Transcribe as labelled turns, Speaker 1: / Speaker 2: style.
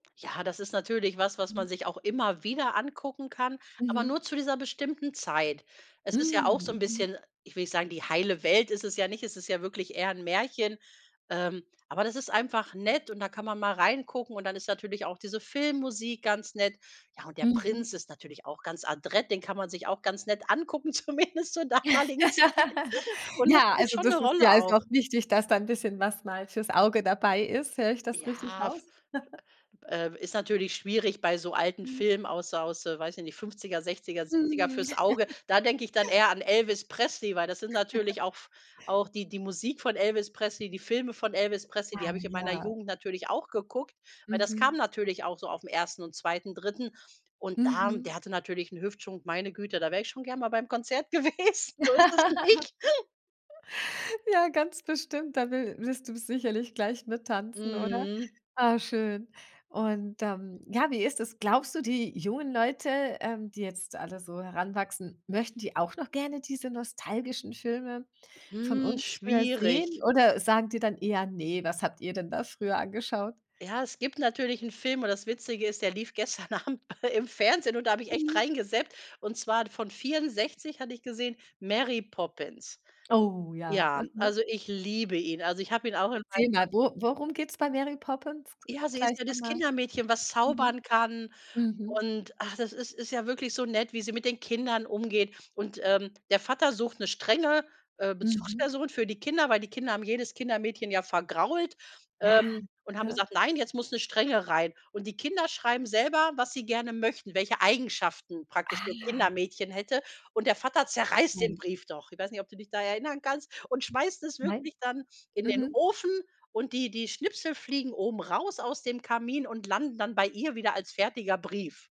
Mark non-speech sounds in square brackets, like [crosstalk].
Speaker 1: Ja, das ist natürlich was, was
Speaker 2: Mhm.
Speaker 1: man sich auch immer wieder angucken kann, aber
Speaker 2: Mhm.
Speaker 1: nur zu dieser bestimmten Zeit. Es ist ja auch so
Speaker 2: Mm,
Speaker 1: 'n
Speaker 2: mhm.
Speaker 1: bisschen ich will nicht sagen, die heile Welt, ist es ja nicht, es ist ja wirklich eher 'n Märchen. Ähm, aber das ist einfach nett, und da kann man mal reingucken, und dann ist natürlich auch diese Filmmusik ganz nett. Ja, und der
Speaker 2: Mhm.
Speaker 1: Prinz ist natürlich auch ganz adrett, den kann man sich auch ganz nett angucken, zumindest zur damaligen Zeit.
Speaker 2: [laughs]
Speaker 1: Und das
Speaker 2: Ja,
Speaker 1: spielt
Speaker 2: also,
Speaker 1: schon 'ne
Speaker 2: das ist dir
Speaker 1: Rolle auch.
Speaker 2: also auch wichtig, dass da 'n bisschen was mal fürs Auge dabei ist. Höre ich das richtig
Speaker 1: Ja, f
Speaker 2: raus? [chuckles]
Speaker 1: äh, ist natürlich schwierig bei so alten
Speaker 2: Mhm.
Speaker 1: Filmen, aus aus, weiß ich nicht, 50er, 60er, 70er,
Speaker 2: Mhm.
Speaker 1: fürs Auge. Da denke ich dann eher
Speaker 2: [chuckles]
Speaker 1: an Elvis Presley, weil das sind
Speaker 2: [chuckles]
Speaker 1: natürlich auch auch die die Musik von Elvis Presley, die Filme von Elvis Presley, die
Speaker 2: Ah,
Speaker 1: habe ich in meiner
Speaker 2: ja.
Speaker 1: Jugend natürlich auch geguckt, weil das kam
Speaker 2: Mhm.
Speaker 1: natürlich auch so auf'm 1. und 2. 3. und da und der
Speaker 2: Mhm.
Speaker 1: hatte natürlich 'n Hüftschwung, meine Güte, da wäre ich schon gern mal beim Konzert gewesen. So ist das
Speaker 2: [laughs]
Speaker 1: nicht. [snorts]
Speaker 2: Ja, ganz bestimmt. Da will willst du sicherlich gleich mit tanzen, oder?
Speaker 1: Mhm.
Speaker 2: Ah, schön. Und dann ja, wie ist es, glaubst du, die jungen Leute, ähm, die jetzt alle so heranwachsen, möchten die auch noch gerne diese nostalgischen Filme von
Speaker 1: Mm,
Speaker 2: uns, äh, sehen
Speaker 1: schwierig.
Speaker 2: oder sagen die dann eher: „Ne, was habt ihr denn da früher angeschaut?“
Speaker 1: Ja, es gibt natürlich 'n Film und das Witzige ist, der lief gestern Abend im Fernsehen und da habe ich echt
Speaker 2: Mhm.
Speaker 1: reingezappt, und zwar von 64 hatte ich gesehen Mary Poppins.
Speaker 2: Oh, ja,
Speaker 1: Ja,
Speaker 2: okay.
Speaker 1: also ich liebe ihn, also ich habe ihn auch in mein
Speaker 2: Erzähle
Speaker 1: [unintelligible]
Speaker 2: mal, wo worum geht's bei Mary Poppins
Speaker 1: Ja, sie
Speaker 2: gleich
Speaker 1: ist ja das
Speaker 2: nochmal?
Speaker 1: Kindermädchen, was
Speaker 2: Mhm.
Speaker 1: zaubern kann,
Speaker 2: Mhm.
Speaker 1: und ach, das das ist ja wirklich so nett, wie sie mit den Kindern umgeht. Und, ähm, der Vater sucht 'ne strenge, äh,
Speaker 2: Mhm.
Speaker 1: Bezugsperson für die Kinder, weil die Kinder haben jedes Kindermädchen ja vergrault,
Speaker 2: Ja,
Speaker 1: ähm, und haben
Speaker 2: ne?
Speaker 1: gesagt: „Nein, jetzt muss 'ne Strenge rein.“ Und die Kinder schreiben selber, was sie gerne möchten, welche Eigenschaften praktisch
Speaker 2: Ah,
Speaker 1: das
Speaker 2: ja.
Speaker 1: Kindermädchen hätte, und der Vater zerreißt den
Speaker 2: Ähm.
Speaker 1: Brief doch ich weiß nicht, ob du dich da erinnern kannst, und schmeißt es
Speaker 2: Nein
Speaker 1: wirklich dann in den
Speaker 2: mhm.
Speaker 1: Ofen und die die Schnipsel fliegen oben raus aus dem Kamin und landen dann bei ihr wieder als fertiger Brief.